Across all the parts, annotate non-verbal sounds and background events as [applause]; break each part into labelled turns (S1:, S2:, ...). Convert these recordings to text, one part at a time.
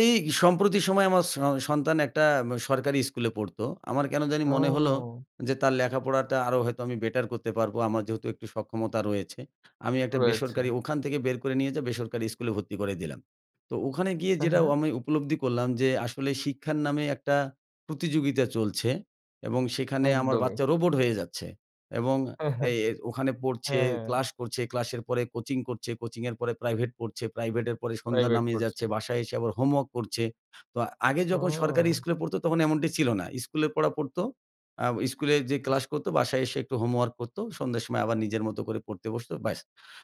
S1: এই সম্প্রতি সময় আমার স সন্তান একটা উম সরকারি স্কুলে পড়তো আমার কেন জানি মনে হল
S2: ও।
S1: যে তার লেখাপড়াটা আরও হয়তো আমি বেটার করতে পারবো আমার যেহেতু একটু সক্ষমতা রয়েছে। আমি একটা
S2: রয়েছে।
S1: বেসরকারি ওখান থেকে বের করে নিয়ে যে বেসরকারি স্কুলে ভর্তি করে দিলাম। তো ওখানে গিয়ে
S2: হ্যাঁ,
S1: যেটা
S2: হ্যাঁ।
S1: আমি উপলব্ধি করলাম যে আসলে শিক্ষার নামে একটা প্রতিযোগিতা চলছে এবং সেখানে আমার
S2: একদমই।
S1: বাচ্চা রোবট হয়ে যাচ্ছে। এবং
S2: হ্যাঁ,
S1: এ
S2: হ্যাঁ,
S1: ওখানে পড়ছে,
S2: হ্যাঁ।
S1: ক্লাস করছে, ক্লাসের পরে কোচিং করছে, কোচিং এর পরে প্রাইভেট পড়ছে, প্রাইভেট এর পরে সন্ধ্যা
S2: প্রাইভেট
S1: নামিয়ে
S2: করছে।
S1: যাচ্ছে। বাসায় এসে আবার হোমওয়র্ক করছে। তো আগে যখন সরকারি
S2: ও।
S1: স্কুলে পড়ত তখন এমনটি ছিল না। স্কুলের পড়া পড়ত। আ স্কুলে যেয়ে
S2: আচ্ছা।
S1: ক্লাস করতো, বাসায় এসে একটু হোমওয়র্ক করতো। সন্ধ্যার সময় আবার নিজের মত করে পড়তে বসতো ব্যাস।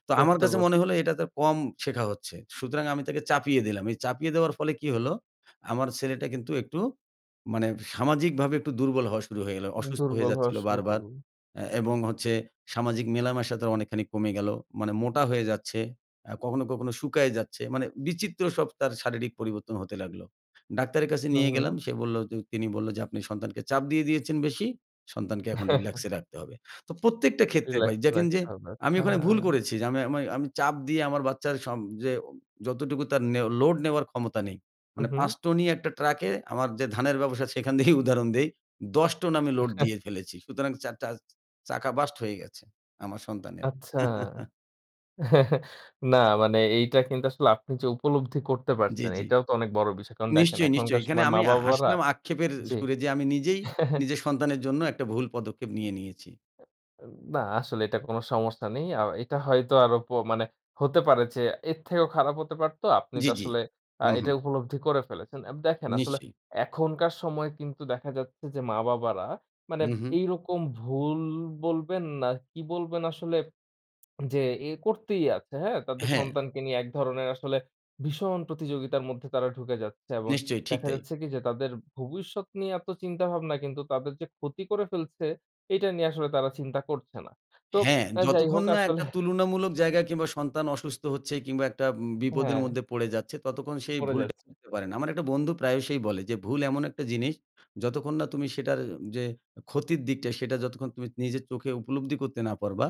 S1: তো আমার
S2: করতে
S1: কাছে
S2: বসে।
S1: মনে হলো এটা তো কম শেখা হচ্ছে। সুতরাং আমি তাকে চাপিয়ে দিলাম। এই চাপিয়ে দেওয়ার ফলে কি হলো? আমার ছেলেটা কিন্তু একটু মানে সামাজিকভাবে একটু দুর্বল হওয়া শুরু হয়ে গেল। অসুস্থ হয়ে
S2: দুর্বল হওয়া
S1: যাচ্ছিল
S2: শুরু
S1: বারবার।
S2: করল।
S1: এবং হচ্ছে সামাজিক মেলামেশা তার অনেকখানি কমে গেলো। মানে মোটা হয়ে যাচ্ছে, আ কখনো, কখনো শুকায়ে যাচ্ছে। মানে বিচিত্র সব তার শারীরিক পরিবর্তন হতে লাগলো। ডাক্তারের কাছে
S2: হু,
S1: নিয়ে গেলাম।
S2: হু।
S1: সে বলল তিনি বলল যে, "আপনি সন্তানকে চাপ দিয়ে দিয়েছেন বেশি। সন্তানকে এখন রিল্যাক্স
S2: [chuckles]
S1: এ রাখতে হবে।" তো প্রত্যেকটা ক্ষেত্রে ভাই
S2: রিল্যাক্স,
S1: দেখেন
S2: রাখতে
S1: যে
S2: হবে।
S1: আমি ওখানে ভুল
S2: হ্যাঁ।
S1: করেছি যে আমি আমি আমি চাপ দিয়ে আমার বাচ্চার সব যে উ যতটুকু তার নেও লোড নেওয়ার ক্ষমতা নেই।
S2: হু,
S1: মানে ৫
S2: হু।
S1: টনই একটা ট্রাকে আমার যে ধানের ব্যবসা সেখান দিয়েই উদাহরণ দেই। ১০ টন আমি লোড দিয়ে
S2: [chuckles]
S1: ফেলেছি। সুতরাং চাটা চাকা বাস্ট হয়ে গেছে আমার সন্তানের।
S2: আচ্ছা।
S1: [chuckles]
S2: [chuckles] না মানে এইটা কিন্তু আসলে আপনি যে উপলব্ধি করতে
S1: জ্বী,
S2: পারছেন,
S1: জ্বী।
S2: এটাও তো অনেক বড় বিষয়। কারণ দেখেন
S1: নিশ্চয়ই, নিশ্চয়ই
S2: এখনকার
S1: এখানে
S2: সময়
S1: আমি
S2: মা-বাবারা
S1: হাসলাম আক্ষেপের
S2: জি।
S1: সুরে যে আমি নিজেই
S2: [chuckles]
S1: নিজের সন্তানের জন্য একটা ভুল পদক্ষেপ নিয়ে নিয়েছি।
S2: না আসলে এটা কোনো সমস্যা নেই। আ এটা হয়তো আরো প মানে হতে পারে যে এর থেকেও খারাপ হতে পারত। আপনি
S1: জ্বি,
S2: তো
S1: জ্বি।
S2: আসলে আ
S1: হুঁ,
S2: এটা
S1: হুঁ।
S2: উপলব্ধি করে ফেলেছেন। এব দেখেন আসলে
S1: নিশ্চয়ই।
S2: এখনকার সময় কিন্তু দেখা যাচ্ছে যে মা-বাবারা মানে
S1: হুঁ, হুঁ।
S2: এইরকম ভুল বলবেন না কি বলবেন, আসলে যে করতেই আছে। হ্যাঁ তাদের
S1: হ্যাঁ।
S2: সন্তানকে নিয়ে এক ধরনের আসলে ভীষণ প্রতিযোগিতার মধ্যে তারা ঢুকে যাচ্ছে। এবং
S1: নিশ্চয়ই, ঠিক
S2: দেখা
S1: তাই।
S2: যাচ্ছে কি যে তাদের ভবিষ্যৎ নিয়ে এত চিন্তাভাবনা কিন্তু তাদের যে ক্ষতি করে ফেলছে, এটা নিয়ে আসলে তারা চিন্তা করছে না। তো
S1: হ্যাঁ,
S2: আ যাই
S1: যতক্ষণ
S2: হোক
S1: না
S2: আসলে
S1: একটা তুলনামূলক জায়গা কিংবা সন্তান অসুস্থ হচ্ছে কিংবা একটা বিপদের
S2: হ্যাঁ।
S1: মধ্যে পড়ে যাচ্ছে ততক্ষণ সেই
S2: পড়ে
S1: ভুলটা
S2: যাচ্ছে।
S1: বুঝতে পারে না। আমার একটা বন্ধু প্রায়সই বলে যে, "ভুল এমন একটা জিনিস যতক্ষণ না তুমি সেটার যে ক্ষতির দিকটা সেটা যতক্ষণ তুমি নিজের চোখে উপলব্ধি করতে না পারবা,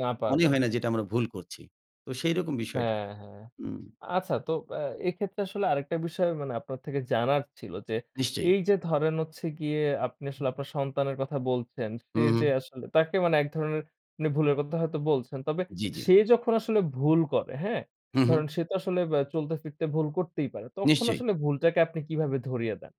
S2: না
S1: মনেই
S2: পারবা।
S1: হয় না যেটা আমরা ভুল করছি।" তো সেইরকম বিষয়টা।
S2: হ্যাঁ, হ্যাঁ।
S1: হুম।
S2: আচ্ছা তো আ এক্ষেত্রে আসলে আরেকটা বিষয় মানে আপনার থেকে জানার ছিল যে
S1: নিশ্চয়ই।
S2: এইযে ধরেন হচ্ছে গিয়ে আপনি আসলে আপনার সন্তানের কথা বলছেন, সে
S1: হুঁ,
S2: যে
S1: হুঁ।
S2: আসলে তাকে মানে এক ধরনের মানে ভুলের কথা হয়তো বলছেন। তবে
S1: জ্বি, জ্বি।
S2: সে যখন আসলে ভুল করে, হ্যাঁ?
S1: হু, হু।
S2: ধরেন সে তো আসলে বা চলতে ফিরতে ভুল করতেই পারে। তখন
S1: নিশ্চয়ই।
S2: আসলে ভুলটাকে আপনি কিভাবে ধরিয়ে দেন?